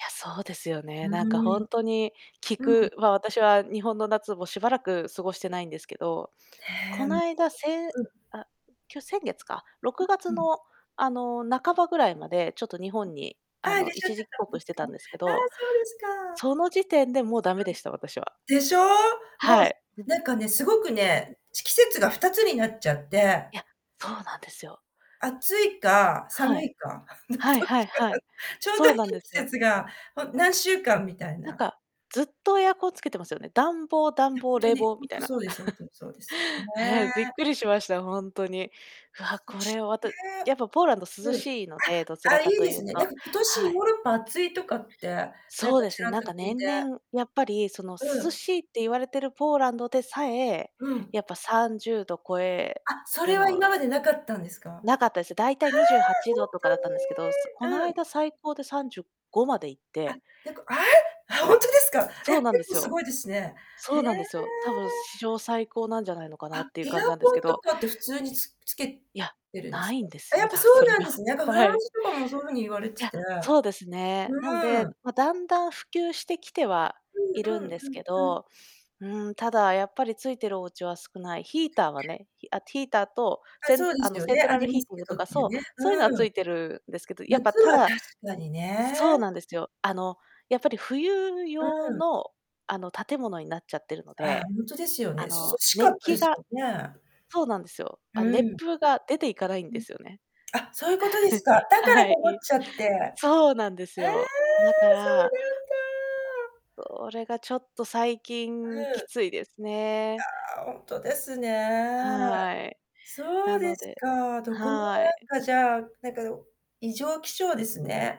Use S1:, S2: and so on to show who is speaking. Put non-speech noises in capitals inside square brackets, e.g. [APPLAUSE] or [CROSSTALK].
S1: いや、そうですよ
S2: う
S1: ね。なんかほ
S2: ーん。
S1: んとに、聞
S2: うん。
S1: くまあ、私は日本の夏もしばらく過ごしてないんですけど、こ
S2: ね、
S1: の間、せん
S2: うん。
S1: あ、今日先月か、ろ
S2: う
S1: くが
S2: う
S1: つ
S2: ん。
S1: の、あの、半ばぐらいまで、ちょっと日本に、
S2: あ
S1: あ
S2: あ、いら
S1: の、
S2: っしゃっ
S1: 一
S2: て
S1: 時帰
S2: たんで
S1: 国し
S2: す
S1: て
S2: か。
S1: たんですけ
S2: ああ、
S1: ど、
S2: そうですか。
S1: その時点でもう駄目
S2: あ
S1: で
S2: ん。
S1: した、私は。
S2: でしょ？もう、
S1: は
S2: す
S1: い。うん。
S2: なんかね、すごく
S1: うん。
S2: ね、ち季節が2つになっちゃって
S1: いや、そうなんですよ。
S2: 暑いか、
S1: は
S2: 寒
S1: い。
S2: いか、の、どっ
S1: はいは
S2: ち
S1: い
S2: か
S1: は
S2: が
S1: い。
S2: ちょうど
S1: そう
S2: いい
S1: なんです
S2: 季
S1: よ。
S2: 節が、ほ何週間、みたい
S1: なん
S2: な。
S1: か、ずっとエアコンつけてますよね。暖房
S2: い
S1: 暖
S2: や、ほ
S1: 房、
S2: んと
S1: 冷
S2: に、
S1: 房、
S2: ほん
S1: みた
S2: と
S1: いな。
S2: そうです、ほんとにそ
S1: [CHUCKLES]
S2: うです。
S1: へえ、びっ
S2: ね。
S1: くりしました、ほんとに。わあ、
S2: こっ
S1: こ
S2: ち、
S1: れは、また
S2: ね。
S1: やっぱ、ポーランド涼
S2: うん。あ、
S1: しいので、どちら
S2: あ、いい
S1: かと
S2: で
S1: いう
S2: すね。な
S1: と。
S2: んか、今年
S1: は
S2: ヨー
S1: い。
S2: ロッパ暑いとかって、なん
S1: そう
S2: か
S1: で
S2: ち
S1: すね。
S2: らっ
S1: なん
S2: と聞
S1: か、
S2: い
S1: 年
S2: て。
S1: 々やっぱり、その、
S2: う
S1: 涼
S2: ん。
S1: しいって言われてるポーランドでさえ、
S2: うん。
S1: やっぱ30度超え
S2: あ、そ
S1: る
S2: れは
S1: の
S2: 今までなかったんですか？はあ！
S1: なかったです。大体、にじゅうはち
S2: ほん
S1: どとかだったんですけど、そこ
S2: と
S1: の
S2: に？うん。
S1: 間、最高で35まで行っ
S2: あ、
S1: て
S2: てか、あ、あ、ほんとですか？
S1: そ
S2: え、
S1: う
S2: 結
S1: なんで
S2: 構
S1: す
S2: す
S1: よ。
S2: ごいですね。へ
S1: そ
S2: え。
S1: うなんですよ。たぶん史上最高なんじゃないのか
S2: あ、
S1: なっていう
S2: エ
S1: 感じ
S2: ア
S1: なんです
S2: コ
S1: け
S2: ンと
S1: ど。
S2: かって普通に、つつけ
S1: いや、
S2: てるん
S1: な
S2: す
S1: い
S2: か？
S1: んで
S2: あ、
S1: す
S2: や
S1: よ。
S2: っぱ
S1: だ
S2: そう
S1: それ
S2: なんで
S1: が、
S2: すね、なんかフラ
S1: は
S2: ン
S1: い。
S2: スとかもそう風に言われ
S1: い
S2: て
S1: や、
S2: て、
S1: そうですね。なん
S2: う
S1: で、
S2: ーん。
S1: ま、だんだん普及してきては
S2: うん
S1: いる
S2: う
S1: ん
S2: ん
S1: ですけ
S2: うんうん。
S1: ど、うーん、ただ、やっぱり、ついてるお家は少ない。ヒーターはね、ひあ、ヒーターと、
S2: あ、
S1: セン
S2: そうで
S1: あ
S2: す
S1: の、
S2: よ
S1: セン
S2: ね、
S1: ト
S2: あ
S1: ラ
S2: り
S1: ル
S2: ま
S1: ヒー
S2: す
S1: ティン
S2: け
S1: グと
S2: どっ
S1: か、
S2: ていう
S1: そう、
S2: ね、
S1: そういうのは
S2: う
S1: つ
S2: ん。
S1: いてるんですけど、やっぱ、
S2: 夏
S1: た
S2: は
S1: だ
S2: 確かにね。
S1: そうなんですよ。あの、やっぱり冬
S2: う
S1: 用
S2: ん。
S1: のあの、建物になっちゃってるの
S2: ああ、
S1: で、
S2: ほんとですよね。
S1: あ
S2: 涼
S1: の、
S2: しか
S1: 熱
S2: ったで
S1: 気
S2: す
S1: が
S2: もんね。
S1: そうなんですよ。
S2: う
S1: あ、熱
S2: ん。あ、
S1: 風が出ていかないん
S2: う
S1: で
S2: ん。
S1: すよね。
S2: あ、そういうことですか。だか
S1: [CHUCKLES] は
S2: ら、
S1: い。
S2: こもっちゃって。え
S1: そうなんです
S2: え！
S1: よ。だか
S2: そうな
S1: ら
S2: んだ。
S1: それがちょっと、最
S2: あ、
S1: 近
S2: う
S1: き
S2: ん。
S1: ついですね。
S2: ああ、ほんとですね。
S1: はい。
S2: そ
S1: な
S2: うで
S1: の
S2: す
S1: で
S2: か。どこも
S1: はい。
S2: なんかじゃあなんか、でも、異常気象ですね。